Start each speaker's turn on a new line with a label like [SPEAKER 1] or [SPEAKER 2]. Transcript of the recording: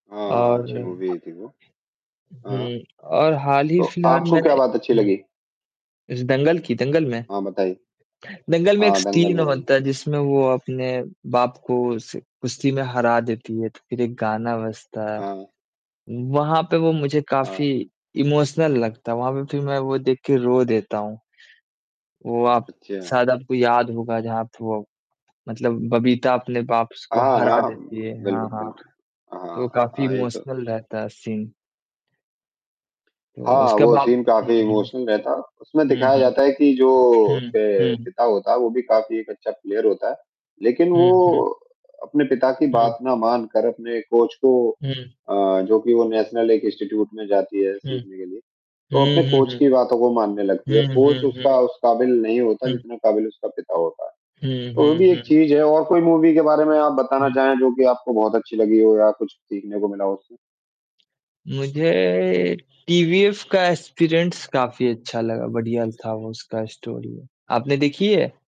[SPEAKER 1] हाँ, हाँ, अच्छी मूवी
[SPEAKER 2] और
[SPEAKER 1] आई थी वो। हाँ।
[SPEAKER 2] हुँ, और हाल ही
[SPEAKER 1] तो
[SPEAKER 2] फिलहाल
[SPEAKER 1] आपको
[SPEAKER 2] मैंने
[SPEAKER 1] क्या बात अच्छी
[SPEAKER 2] हुँ।
[SPEAKER 1] लगी?
[SPEAKER 2] इस दंगल की दंगल में
[SPEAKER 1] हाँ, बताइये।
[SPEAKER 2] दंगल में एक
[SPEAKER 1] हाँ, दंगल
[SPEAKER 2] सीन
[SPEAKER 1] मूवी।
[SPEAKER 2] होता है, जिसमें वो अपने बाप को उस कुश्ती में हरा देती है, तो फिर एक गाना बजता है,
[SPEAKER 1] हाँ।
[SPEAKER 2] वहाँ पे वो मुझे काफ़ी
[SPEAKER 1] हाँ।
[SPEAKER 2] इमोशनल लगता है, वहाँ पे फिर मैं वो देख के रो देता हूँ। वो आप
[SPEAKER 1] अच्छा।
[SPEAKER 2] शायद आपको याद होगा, जहाँ थ वो मतलब बबीता अपने बाप स को
[SPEAKER 1] हाँ,
[SPEAKER 2] हरा
[SPEAKER 1] हाँ,
[SPEAKER 2] देती है। हाँ,
[SPEAKER 1] बिल्कुल,
[SPEAKER 2] हाँ।
[SPEAKER 1] बिल्कुल, हाँ,
[SPEAKER 2] तो
[SPEAKER 1] हाँ,
[SPEAKER 2] काफ़ी
[SPEAKER 1] हाँ, एक
[SPEAKER 2] इमोशनल रहता है सीन। तो
[SPEAKER 1] हाँ,
[SPEAKER 2] उसके
[SPEAKER 1] वो
[SPEAKER 2] बाद
[SPEAKER 1] सीन
[SPEAKER 2] हुँ,
[SPEAKER 1] काफ़ी इमोशनल
[SPEAKER 2] हुँ,
[SPEAKER 1] रहता, उसमें
[SPEAKER 2] हुँ,
[SPEAKER 1] दिखाया जाता
[SPEAKER 2] हुँ,
[SPEAKER 1] है कि जो
[SPEAKER 2] हुँ,
[SPEAKER 1] उसके
[SPEAKER 2] हुँ।
[SPEAKER 1] पिता होता है, वो भी काफ़ी एक अच्छा प्लेयर होता है। लेकिन
[SPEAKER 2] हुँ, हुँ।
[SPEAKER 1] वो अपने पिता की
[SPEAKER 2] हुँ।
[SPEAKER 1] बात ना मान कर, अपने कोच को
[SPEAKER 2] हुँ।
[SPEAKER 1] अ, जो कि वो नेशनल एक इंस्टीट्यूट में जाती है
[SPEAKER 2] हुँ।
[SPEAKER 1] सीखने के लिए। तो अपने
[SPEAKER 2] हुँ, हुँ,
[SPEAKER 1] कोच
[SPEAKER 2] हुँ,
[SPEAKER 1] की बातों को मानने लगती है
[SPEAKER 2] हुँ।
[SPEAKER 1] और
[SPEAKER 2] हुँ,
[SPEAKER 1] कोच
[SPEAKER 2] हुँ,
[SPEAKER 1] उसका
[SPEAKER 2] हुँ।
[SPEAKER 1] उस काबिल नहीं होता,
[SPEAKER 2] हुँ।
[SPEAKER 1] जितना काबिल उसका पिता होता है,
[SPEAKER 2] हुँ,
[SPEAKER 1] तो वो
[SPEAKER 2] हुँ,
[SPEAKER 1] भी एक
[SPEAKER 2] हुँ।
[SPEAKER 1] चीज़ है और कोई मूवी के बारे में आप बताना
[SPEAKER 2] हुँ।
[SPEAKER 1] चाहें, जो कि आपको बहुत अच्छी लगी हो, या कुछ सीखने को मिला हो उससे।
[SPEAKER 2] मुझे टीवीएफ का एस्पिरेंट्स काफ़ी अच्छा लगा, बढ़िया था वो उसका स्टोरी। आपने देखी है?